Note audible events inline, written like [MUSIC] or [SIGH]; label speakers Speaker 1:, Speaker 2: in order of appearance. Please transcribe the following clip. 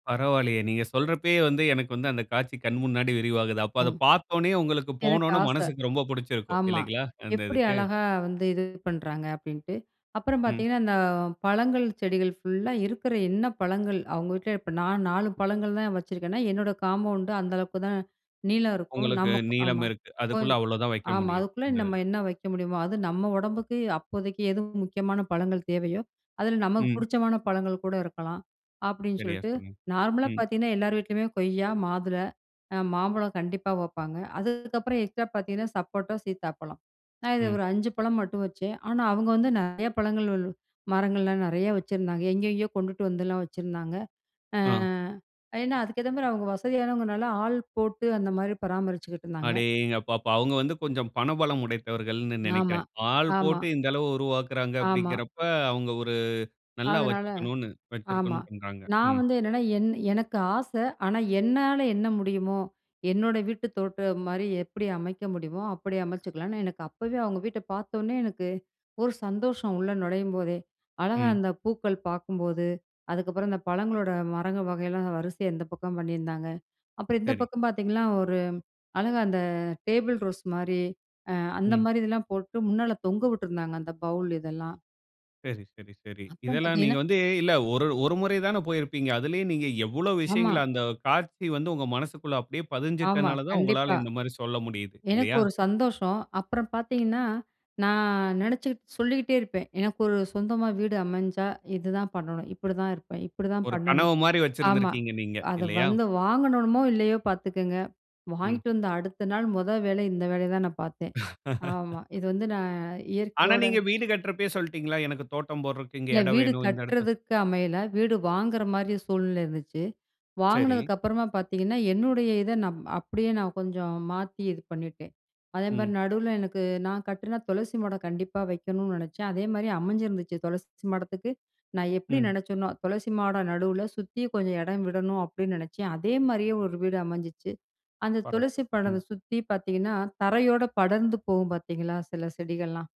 Speaker 1: பரவால்லயே. நீங்க சொல்றப்பயே வந்து, எனக்கு வந்து, அந்த காட்சி கண் முன்னாடி விரிவாகுது. அப்ப அத
Speaker 2: ஆமா.
Speaker 1: பார்த்தோனயே, உங்களுக்கு
Speaker 2: எனக்கு
Speaker 1: போனோன,
Speaker 2: ஆச.
Speaker 1: மனசுக்கு ரொம்ப புடிச்சுருக்கும்.
Speaker 2: ஆமா.
Speaker 1: இல்லைங்களா? அந்த
Speaker 2: எப்படி
Speaker 1: இதுக்கு.
Speaker 2: அழகா வந்து இது பண்றாங்க அப்படின்ட்டு. அப்புறம்
Speaker 1: ம்.
Speaker 2: பாத்தீங்கன்னா இந்த பழங்கள், செடிகள் ஃபுல்லா இருக்குற என்ன பழங்கள். அவங்க வீட்ல இப்ப நான் 4 பழங்கள் தான் வச்சுருக்கேன்னா, என்னோட காம்பவுண்ட்டு அந்த அளவுக்குதான் நீளம் இருக்கும்.
Speaker 1: உங்களுக்கு
Speaker 2: நமக்கு
Speaker 1: நீளம்
Speaker 2: ஆமா.
Speaker 1: இருக்கு.
Speaker 2: கொஞ்
Speaker 1: அதுக்குள்ள அவ்வளவு தான் வெக்க
Speaker 2: ஆமா.
Speaker 1: முடியும்.
Speaker 2: அதுக்குள்ள
Speaker 1: அந்த
Speaker 2: நம்ம
Speaker 1: இதுல.
Speaker 2: என்ன வெக்க முடியுமோ. அது நம்ம உடம்புக்கு அப்போதைக்கு எது முக்கியமான பழங்கள் தேவையோ, அதில நமக்கு
Speaker 1: ம்.
Speaker 2: புடிச்சமான பழங்கள் கூட இருக்கலாம், அப்படின்னு
Speaker 1: சரியா
Speaker 2: சொல்லிட்டு,
Speaker 1: சொன்னி
Speaker 2: நார்மலா
Speaker 1: ம்.
Speaker 2: பாத்தீங்கன்னா எல்லார் வீட்லயுமே கொய்யா, மாதுளை, அ மாம்பழம் கண்டிப்பா வெப்பாங்க. அதுக்கப்புறம் எக்ஸ்ட்ரா பாத்தீங்கன்னா சப்போட்டா, சீத்தாப்பழம். நான் இத
Speaker 1: ம்.
Speaker 2: ஒரு 5 பழம் மட்டும் வச்சேன். ஆனா அவங்க வந்து நெறையா பழங்கள், மரங்கள்லாம் நெறையா வச்சுருந்தாங்க. எங்கங்கேயோ கொண்டுட்டு வந்துலாம் வச்சுருந்தாங்க. அ.
Speaker 1: அ.
Speaker 2: ஏன்னா அதுக்கேத்த மாரி அவங்க வசதியானவங்க, நல்லா ஆள் போட்டு அந்த மாரி பராமரிச்சுக்கிட்டுருந்தாங்க.
Speaker 1: அடேங்கப்பா! அவங்க வந்து கொஞ்சம் பணபலம் உடைந்தவர்கள்ன்னு
Speaker 2: ஆமா.
Speaker 1: நினைக்கிறேன். ஆள்
Speaker 2: ஆமா.
Speaker 1: போட்டு இந்த அளவு உருவாக்குகிறாங்க
Speaker 2: ஆமா.
Speaker 1: அப்படிங்கிறப்ப, அவங்க ஒரு நல்லா
Speaker 2: அதனால
Speaker 1: வெச்சுக்கணும்ன்னு
Speaker 2: ஆமா.
Speaker 1: வச்சுருக்கணும்ன்னு பண்றாங்க.
Speaker 2: நான்
Speaker 1: ம்.
Speaker 2: வந்து என்னன்னா, என் எனக்கு ஆச. ஆனா என்னால என்ன முடியுமோ, என்னோட வீட்டு தோட்டம் மாரி எப்படி அமைக்க முடியுமோ, அப்படி அமைச்சுக்கலான்னு எனக்கு அப்பவே. அவங்க வீட்ட பார்த்தோனயே எனக்கு ஒரு சந்தோஷம் உள்ள நுழையும்போதே! அழகா
Speaker 1: ம்.
Speaker 2: அந்த பூக்கள் பார்க்கும்போது, அதுக்கப்புறம் அந்த பழங்களோட மரங்கள் வகையெல்லாம் வரிசையா இந்த பக்கம் பண்ணிருந்தாங்க அப்புறம் இந்த
Speaker 1: சரி.
Speaker 2: பக்கம் பார்த்தீங்கன்னா, ஒரு அழகா அந்த டேபிள் ரோஸ் மாரி அ அந்த
Speaker 1: ம்.
Speaker 2: மாரி இதெல்லாம் போட்டு முன்னால தொங்க வுட்ருந்தாங்க. அந்த பௌல் இதெல்லாம்.
Speaker 1: சரி, சரி, சரி.
Speaker 2: அப்புறம்
Speaker 1: இதெல்லாம் நீங்க
Speaker 2: பாத்தீங்கன்னா
Speaker 1: வந்து இல்ல ஒரு ஒரு முறை தானே போயிருப்பீங்க. அதிலயே நீங்க எவ்ளோ
Speaker 2: ஆமா.
Speaker 1: விஷயங்கள அந்த காட்சி வந்து உங்க மனசுகுள்ள அப்படியே
Speaker 2: ஆமா.
Speaker 1: பதிஞ்சுட்டனால தான்
Speaker 2: கண்டிப்பா.
Speaker 1: உங்களால இந்த மாரி சொல்ல முடியுது.
Speaker 2: எனக்கு
Speaker 1: இல்லையா?
Speaker 2: ஒரு சந்தோஷம் அப்புறம் பார்த்தீங்கன்னா, நான் நினைச்சி. சொல்லிகிட்டே இருப்பேன். எனக்கு ஒரு சொந்தமா வீடு அமைஞ்சா, இதுதான் பண்ணணும். இப்படிதான் இருப்பேன். இப்படிதான்
Speaker 1: ஒரு
Speaker 2: பண்ணணும்.
Speaker 1: கனவு மாரி
Speaker 2: ஆமா.
Speaker 1: வெச்சுருந்திருக்கீங்க நீங்க?
Speaker 2: அத
Speaker 1: இல்லையா?
Speaker 2: வந்து வாங்கணுமோ இல்லையோ பார்த்துக்கங்க.
Speaker 1: ம்.
Speaker 2: வாங்கிட்டு வந்து அடுத்த நாள் மொத வேலை இந்த வேலைய தான் நான் பார்த்தேன். ஆமா.
Speaker 1: [LAUGHS]
Speaker 2: இது வந்து நான்
Speaker 1: ஆனா
Speaker 2: இயற்கையோட
Speaker 1: நீங்க வீடு கட்டுறப்பயே சொல்லீட்டீங்களா? எனக்கு தோட்டம் போடுறக்கு இங்க
Speaker 2: இல்ல
Speaker 1: இடம்
Speaker 2: வீடு
Speaker 1: வேணும். இந்த இடத்த
Speaker 2: கட்டுறதுக்கு அமையல, வீடு வாங்குற மாரி சூழ்நிலை இருந்துச்சு.
Speaker 1: சரி.
Speaker 2: வாங்கினதுக்கு அப்புறமா பார்த்தீங்கன்னா, என்னுடைய இத நான். அப்படியே நான் கொஞ்சம் மாத்தி இது பண்ணிட்டேன்.
Speaker 1: ம்.
Speaker 2: அதேமாரி நடுவுல எனக்கு நான் கட்டினா துளசி மாடம் கண்டிப்பா வெக்கணும்ன்னு நினச்சேன். அதே மாரி அமைஞ்சிருந்துச்சு, துளசி மாடத்துக்கு நான் எப்படி
Speaker 1: ம்.
Speaker 2: நினைச்சேனோ, துளசி மாடம் நடுவுல சுத்தி கொஞ்சம் இடம் விடணும், அப்படின்னு நினைச்சேன். அதே மாரியே ஒரு வீடு அமைஞ்சிச்சு. அந்த
Speaker 1: பரவால்ல.
Speaker 2: துளசி
Speaker 1: ம்.
Speaker 2: மாடத்த சுத்தி பார்த்தீங்கன்னா, தரையோட படர்ந்து போகும் பார்த்தீங்களா? சில செடிகள்லாம்.